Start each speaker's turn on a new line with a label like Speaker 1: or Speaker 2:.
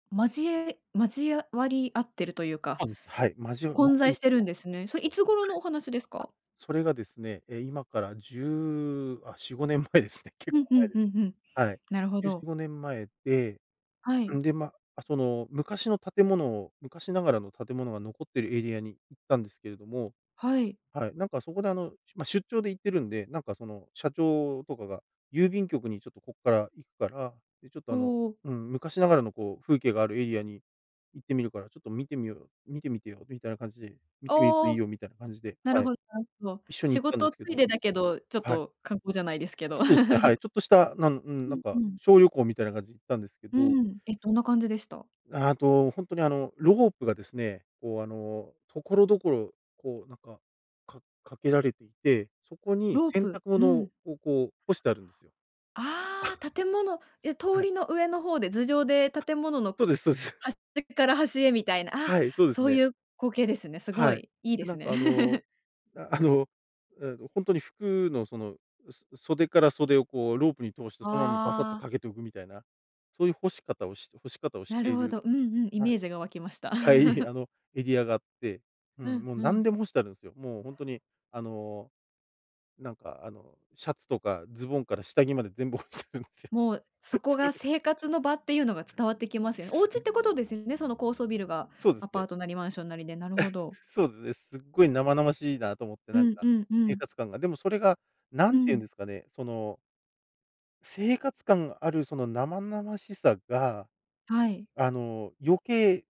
Speaker 1: 交え交あわり合ってるというか
Speaker 2: そうです、はい、交わま
Speaker 1: 混
Speaker 2: さに、
Speaker 1: 在し
Speaker 2: そ
Speaker 1: て
Speaker 2: の、うん。
Speaker 1: るんですね。それいつ頃のお話です
Speaker 2: はい、あ、
Speaker 1: か？
Speaker 2: それがですね、え、今から10、あ、4、５年前ですね。結
Speaker 1: う
Speaker 2: 構
Speaker 1: んう
Speaker 2: 前
Speaker 1: ん
Speaker 2: で
Speaker 1: う
Speaker 2: す。
Speaker 1: んうん。
Speaker 2: はい。
Speaker 1: なるほ
Speaker 2: じゅうし
Speaker 1: ど。
Speaker 2: ごねん前で、
Speaker 1: は
Speaker 2: そん
Speaker 1: い。
Speaker 2: で、ま、あ、その昔の建物を、昔ながらの建物が残っているエリアに行ったんですけれども、
Speaker 1: はい。
Speaker 2: はい、なんかそこで、あの、しゅま、出張で行ってるんでなんか、その社長とかが「郵便局にちょっとこっから行くから、で、ちょっと、
Speaker 1: ほ
Speaker 2: あの、
Speaker 1: お。
Speaker 2: うん、昔ながらの、こう、風景があるエリアに行ってみるから、ちょっと見てみよう、見てみてよ」みたいな感じで見てみると
Speaker 1: あ
Speaker 2: いい
Speaker 1: あ、
Speaker 2: よ、みたいな感じで、
Speaker 1: な
Speaker 2: は
Speaker 1: る
Speaker 2: い。
Speaker 1: ほどなるほど。
Speaker 2: 一緒に
Speaker 1: 仕
Speaker 2: 行ったんで
Speaker 1: 事
Speaker 2: す
Speaker 1: つ
Speaker 2: け
Speaker 1: い
Speaker 2: ど。
Speaker 1: でだけどちょっ
Speaker 2: はい。
Speaker 1: と観光じゃないですけど。
Speaker 2: そうですね、はい。ちょっとした、なんうん、
Speaker 1: う
Speaker 2: なん
Speaker 1: んう
Speaker 2: か
Speaker 1: ん。
Speaker 2: 小旅行みたいな感じ行ったんですけ
Speaker 1: う
Speaker 2: ど。
Speaker 1: ん、え、どんな感じでした？
Speaker 2: ああと、本当に、あの、ロープがですね、こう、あの、所々、こう、なんか、かかけられいて、そこに
Speaker 1: ロー
Speaker 2: 洗
Speaker 1: プ、
Speaker 2: 濯
Speaker 1: う
Speaker 2: 物を
Speaker 1: ん。
Speaker 2: こうこう干してあるんですよ。
Speaker 1: あ あ、建物、じゃ、通
Speaker 2: はい。
Speaker 1: りの上の方で頭上で
Speaker 2: あ、
Speaker 1: 建物の
Speaker 2: そうですそうです。
Speaker 1: 端から端へみたいな、あ、
Speaker 2: はい、そうです
Speaker 1: そう
Speaker 2: ね。
Speaker 1: いう光景ですね。すご
Speaker 2: はい。
Speaker 1: いいいで
Speaker 2: で、
Speaker 1: す
Speaker 2: なん
Speaker 1: ね。
Speaker 2: か、あの、なあのあの、本当に服のその、そ袖から袖を、こう、ロープに通してそのままバサッと
Speaker 1: ああ。
Speaker 2: かけておくみたいなそういう干し方をし干し方をし
Speaker 1: な
Speaker 2: て
Speaker 1: る
Speaker 2: い
Speaker 1: ほ
Speaker 2: る。
Speaker 1: ど、うんうん、イ
Speaker 2: はい
Speaker 1: メージが湧きました。
Speaker 2: はい あの、エリアがあって、う
Speaker 1: う
Speaker 2: ん、
Speaker 1: ん
Speaker 2: もう、
Speaker 1: う
Speaker 2: 何
Speaker 1: ん。
Speaker 2: でも干してあるんですよ。もう、本当に、あの、なんか、あの、シャツとかズボンから下着まで全部干してるんですよ、
Speaker 1: もう、そこ
Speaker 2: そう
Speaker 1: が
Speaker 2: で
Speaker 1: 生活の場っていうのが伝わってきますよ。お
Speaker 2: す
Speaker 1: 家っ
Speaker 2: ね。
Speaker 1: てことですよねその高層ビルが
Speaker 2: そうで
Speaker 1: ア
Speaker 2: す
Speaker 1: パー
Speaker 2: ね。
Speaker 1: トなりマンションなりで、なるほ ど。
Speaker 2: そうですね。すっごい生々しいなと思って
Speaker 1: う
Speaker 2: なん
Speaker 1: んう
Speaker 2: か
Speaker 1: んう
Speaker 2: 生
Speaker 1: ん。
Speaker 2: 活感が、でもそれがな
Speaker 1: う
Speaker 2: んて言うん
Speaker 1: ん。
Speaker 2: ですかねその生活感があるその生々しさが、
Speaker 1: はい。
Speaker 2: あの、余計